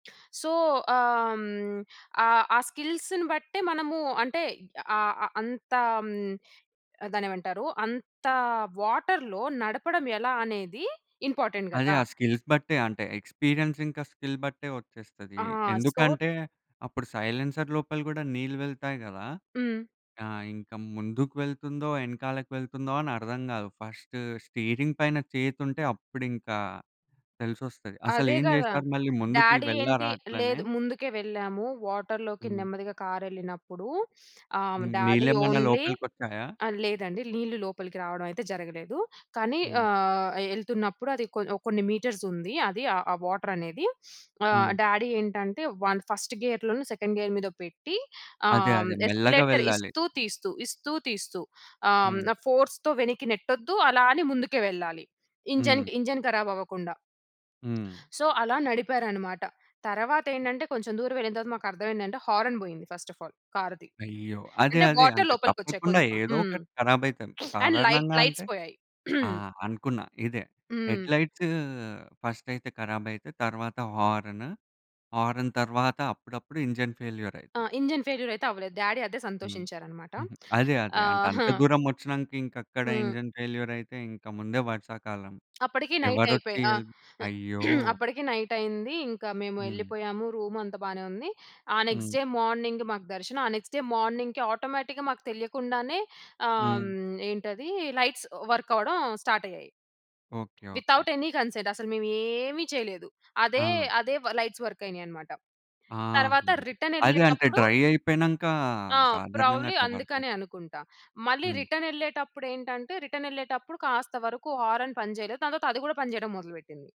So, ఆహ్, హ్మ్. ఆహ్, ఆ స్కిల్స్‌ని బట్టే మనము అంటే ఆహ్, అ అంతా దాన్నేమంటారు? అంత వాటర్‌లో నడపడం ఎలా అనేది ఇంపార్టెంట్ అదే! కదా! ఆ స్కిల్స్ బట్టే అంటే, ఎక్స్పీరియన్స్ ఇంకా స్కిల్ బట్టే వచ్చేస్తది. ఆ! సో ఎందుకంటే అప్పుడు సైలెన్సర్ లోపల కూడా, నీళ్ళు వెళ్తాయి కదా! హ్మ్. ఆ! ఇంకా ముందుకు వెళ్తుందో, వెనకాలకి వెళ్తుందో అని అర్థం కాదు. ఫస్ట్ స్టీరింగ్ పైన చేతుంటే, అప్పుడింకా తెలిసొస్తది. అదే అసలేం కదా! చేశారు? మళ్ళీ ముందుకి డాడి ఏంటి వెళ్ళారా? అట్లనే. లేదు ముందుకే వెళ్ళాము. వాటర్‌లోకి హ్మ్. నెమ్మదిగా కారె‌ళ్ళినప్పుడు ఆహ్, డాడీ నీళ్ళేమన్నా ఓన్లీ లోపలికి వచ్చాయా? ఆహ్, లేదండి నీళ్లు లోపలికి రావడమయితే జరగలేదు. కానీ హ్మ్. ఆహ్, ఎళ్తున్నప్పుడు అది కొ ఓ కొన్ని మీటర్స్ ఉంది. అది ఆ వాటరనేది. ఆహ్, హ్మ్. డాడీ ఏంటంటే, వన్ ఫస్ట్ గెయర్‌లో‌నో సెకండ్ గెయర్ మీదో పెట్టి, ఆహ్, అదే, హ్మ్, అదే మెల్లగా ఎస్కలేటర్ వెళ్ళాలి. ఇస్తూ తీస్తూ, ఇస్తూ తీస్తూ ఆహ్, హ్మ్, హ్మ్. ఫోర్స్‌తో వెనక్కి నెట్టొద్దు. అలా అని ముందుకు వెళ్ళాలి. ఇంజన్, హ్మ్. ఇంజన్ కరాబ్ అవ్వకుండా. హ్మ్. సో అలా నడిపారన్నమాట. తరువాత ఏంటంటే, కొంచెం దూరం వెళ్ళిన తరువాత మాకర్థమేంటంటే హార్న్ పోయింది. ఫస్ట్ ఆఫ్ ఆల్ కారుది. అయ్యో! అదే, అంటే అదే వాటర్ అంటే లోపలికి వచ్చాయి తప్పకుండా కొంచెం. ఏదో హ్మ్. ఒకటి కరాబయితది. అండ్ లైట్ సాధారణంగా లైట్స్ అంటే పోయాయి. ఆ! అనుకున్నా ఇదే హ్మ్. హెడ్‌లైట్స్ ఫస్టయితే కరాబయితయి. తరువాత హారన్. హారన్ తరువాత అప్పుడప్పుడు ఇంజన్ ఆ! ఫెయిల్యూర‌యితది. ఇంజన్ ఫెయిల్యూర్ అయితే అవ్వలేదు. డాడీ అదే హ్మ్. సంతోషించారన్నమాట. అదే, అదే ఆ! అంటే అంత హ్మ్. దూరం వచ్చినంక ఇంకక్కడ హ్మ్. ఇంజన్ ఫెయిల్యూరయితే, ఇంక ముందే వర్షాకాలం అప్పటికి నైట్ అయిపో ఎవరొచ్చి ఆ! హెల్ప్ అయ్యో! అప్పటికి నైట్ అయింది. ఇంకా మేము హ్మ్. వెళ్ళిపోయాము. రూమంతా బానే ఉంది. ఆ నెక్స్ట్ హ్మ్. డే మార్నింగ్ మాకు దర్శనం, ఆ నెక్స్ట్ డే మార్నింగ్‌కి ఆటోమేటిక్‌గా మాకు తెలియకుండానే ఆహ్, హ్మ్. హ్మ్. ఏంటది? లైట్స్ వర్క్ అవ్వడం స్టార్ట్ అయ్యాయి. Okay. Okay. Without any consent. అసలు మేమేమి చేయలేదు. అదే, ఆ! అదే లైట్స్ వర్క్ అయినాయన్నమాట. ఆ! తరువాత రిటర్న్ అదే అంటే, వెళ్ళేటప్పుడు డ్రై అయిపోయినంక ఆ! సాధారణంగా ప్రాబబ్లీ అట్లా వర్కయితది. అందుకనే అనుకుంటా. మళ్ళీ హ్మ్. రిటర్న్ వెళ్ళేటప్పుడు ఏంటంటే, రిటర్న్ వెళ్ళేటప్పుడు కాస్త వరకు హారన్ పని చేయలేదు. దాని తర్వాత అది కూడా పని చేయడం మొదలుపెట్టింది.